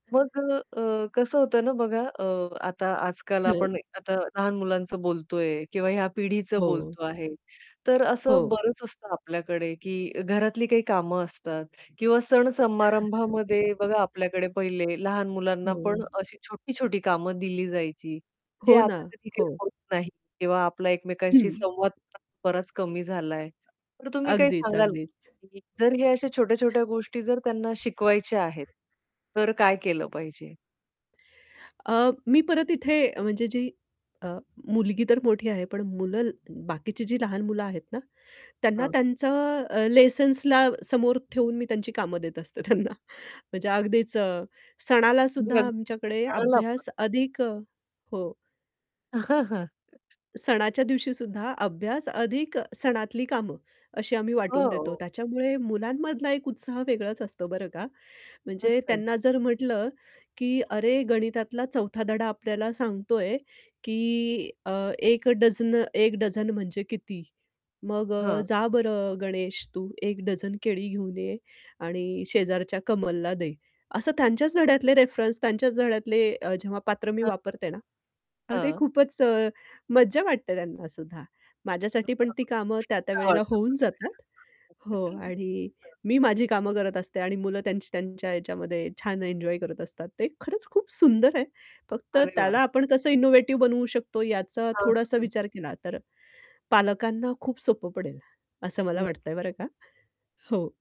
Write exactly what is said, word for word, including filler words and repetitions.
मग अ, अ, कसं होतं ना बघा अ, आता आज-काल हं. आपण आता लहान मुलांचं बोलतोय किंवा या पिढीच हो. बोलतो आहे. तर असं हो. बरंच असतं आपल्याकडे की घरातली काही कामं असतात किंवा सण-समारंभामध्ये बघा आपल्याकडे पहिले लहान मुलांना पण हो. अशी छोटी-छोटी कामं दिली जायची. जे हो ना, आता हो. कधी-कधी होत नाही किंवा आपला एकमेकांशी हं. संवाद बराच कमी झालाय. पण तुम्ही काय अगदीच, सांगाल अगदीच. जर हे अशा छोट्या-छोट्या गोष्टी जर त्यांना शिकवायच्या आहेत. तर काय केलं पाहिजे? अ, मी परत इथे म्हणजे जी अ, मुलगी तर मोठी आहे, पण मुलं बाकीची जी लहान मुलं आहेत ना त्यांना हां. त्यांचं अ, लेसन्सला समोर ठेवून मी त्यांची कामं देत असते त्यांना म्हणजे अगदीच सणाला सुद्धा आमच्याकडे [unintelligible] अभ्यास अधिक हो. सणाच्या दिवशीसुद्धा अभ्यास अधिक सणातली कामं अशी आम्ही वाटून देतो हो. त्याच्यामुळे मुलांमधला एक उत्साह वेगळाच असतो बरं का. म्हणजे अच्छा. त्यांना जर म्हटलं की हं, हं. अरे गणितातला चौथा धडा आपल्याला सांगतोय की अ, एक डझनं एक डझन म्हणजे किती? "मग अ, हां. जा बरं गणेश तू एक डझन केळी घेऊन ये आणि शेजारच्या कमलला दे." असं त्यांच्याच धड्यातले रेफरन्स त्यांच्याच धड्यातले अ, जेव्हा पात्र मी हां. वापरते ना, अहो ते हां. खूपच अ, मज्जा वाटते त्यांनासुद्धा. माझ्यासाठी पण ती [unintelligible] छान कामं त्या-त्या वेळेला वाटतं. पण. [unintelligible] होऊन जातात. हो. हां. आणि मी माझी कामं करत असते आणि मुलं त्यांची त्यांच्या ह्याच्यामध्ये छान एन्जॉय करत असतात. ते खरंच खूप सुंदर आहे. फक्त अरे त्याला वाह! आपण कसं इनोव्हेटिव्ह बनवू शकतो याचा हां, हां, थोडासा हां. विचार केला तर पालकांना खूप सोपं पडेल असं मला वाटतंय नक्कीच. बरं का. हो.